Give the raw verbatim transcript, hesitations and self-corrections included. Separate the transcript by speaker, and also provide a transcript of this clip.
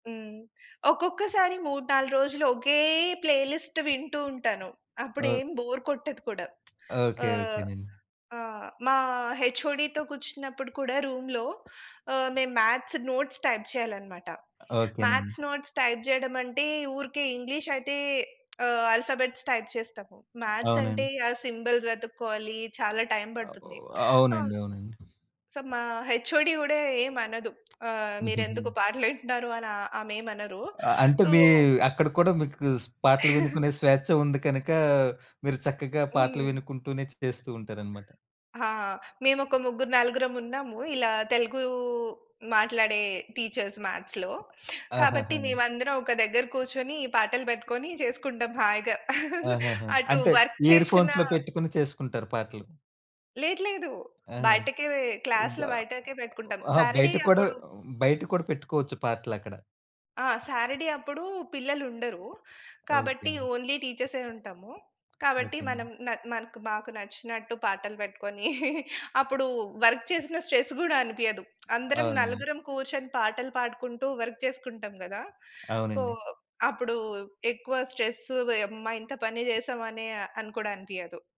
Speaker 1: హ్మ్. ఒక్కొక్కసారి మూడు నాలుగు రోజులు ఒకే ప్లే లిస్ట్ వింటూ ఉంటాను.
Speaker 2: ఓ
Speaker 1: అప్పుడేం బోర్ కొట్టదు కూడా.
Speaker 2: ఓకే.
Speaker 1: ఆహ్,
Speaker 2: ఓకేనండి.
Speaker 1: ఆహ్, మా హెచ్ఓడి‌తో కూర్చున్నప్పుడు కూడా రూమ్‌లో ఆహ్, మేము మ్యాథ్స్ నోట్స్ టైప్ చేయాలనమాట.
Speaker 2: ఓకేనండి.
Speaker 1: మ్యాథ్స్ నోట్స్ టైప్ చేయడమంటే, ఊరికే ఇంగ్లీష్ అయితే ఆహ్, ఆల్ఫాబెట్స్ టైప్ చేస్తాము. మ్యాథ్స్ అంటే.
Speaker 2: అవునండి.
Speaker 1: ఆ సింబల్స్ వెతుక్కోవాలి. చాలా టైమ్
Speaker 2: అవు
Speaker 1: పడుతుంది. అమ్
Speaker 2: అవునండి. అవునండి.
Speaker 1: సో, మా హెచ్ఓడి‌ గూడా ఏమనదు. ఆహ్, మీరెందుకు
Speaker 2: హుహుహు.
Speaker 1: పాటలు వింటున్నారు అని ఆహ్, ఆమేమనరు.
Speaker 2: ఆ! అంటే
Speaker 1: సో
Speaker 2: మీ అక్కడ కూడా మీకు స్ పాటలు వినుకునే స్వేచ్ఛ ఉంది కనుక, మీరు చక్కగా పాటలు
Speaker 1: హుహుహు.
Speaker 2: వినుకుంటూనే చేస్తూ ఉంటారనమాట.
Speaker 1: ఆ! మేము ఒక ముగ్గురు, నలుగురం ఉన్నాము. ఇలా తెలుగు మాట్లాడే టీచర్స్ మ్యాథ్స్‌లో. కాబట్టి
Speaker 2: ఆహాహా!
Speaker 1: మేమందరం ఒక దగ్గర కూర్చొని, ఈ పాటలు పెట్టుకొని చేసుకుంటాం హాయిగా.
Speaker 2: ఆహాహా!
Speaker 1: అటు
Speaker 2: అంటే
Speaker 1: వర్క్
Speaker 2: ఇయర్‌
Speaker 1: చేసిన
Speaker 2: ఫోన్స్‌లో పెట్టుకొని చేసుకుంటారు పాటలు.
Speaker 1: లేదు. లేదు.
Speaker 2: ఆ!
Speaker 1: బయటకే వే క్లాస్‌లో
Speaker 2: అబ్బా!
Speaker 1: బయటకే పెట్టుకుంటాం.
Speaker 2: అహా!
Speaker 1: సారడే
Speaker 2: బయట కూడా
Speaker 1: అప్పుడు
Speaker 2: బయట కూడా పెట్టుకోవచ్చు పాటలక్కడ.
Speaker 1: ఆ! సారడీ అప్పుడు పిల్లలుండరు. కాబట్టి
Speaker 2: ఓకేనండి.
Speaker 1: ఓన్లీ టీచర్సే ఉంటాము. కాబట్టి
Speaker 2: ఓకేనండి.
Speaker 1: మనం నాక్ మనకు మాకు నచ్చినట్టు పాటలు పెట్టుకొని, అప్పుడు వర్క్ చేసిన స్ట్రెస్ గూడా అనిపియదు. అందరం
Speaker 2: అవును.
Speaker 1: నలుగురం కూర్చొని పాటలు పాడుకుంటూ వర్క్ చేసుకుంటాం గదా! కో
Speaker 2: అవునండి.
Speaker 1: అప్పుడు ఎక్కువ స్ట్రెస్, ఓయమ్మా! ఇంత పని చేసామనే అని కూడా అనిపియదు.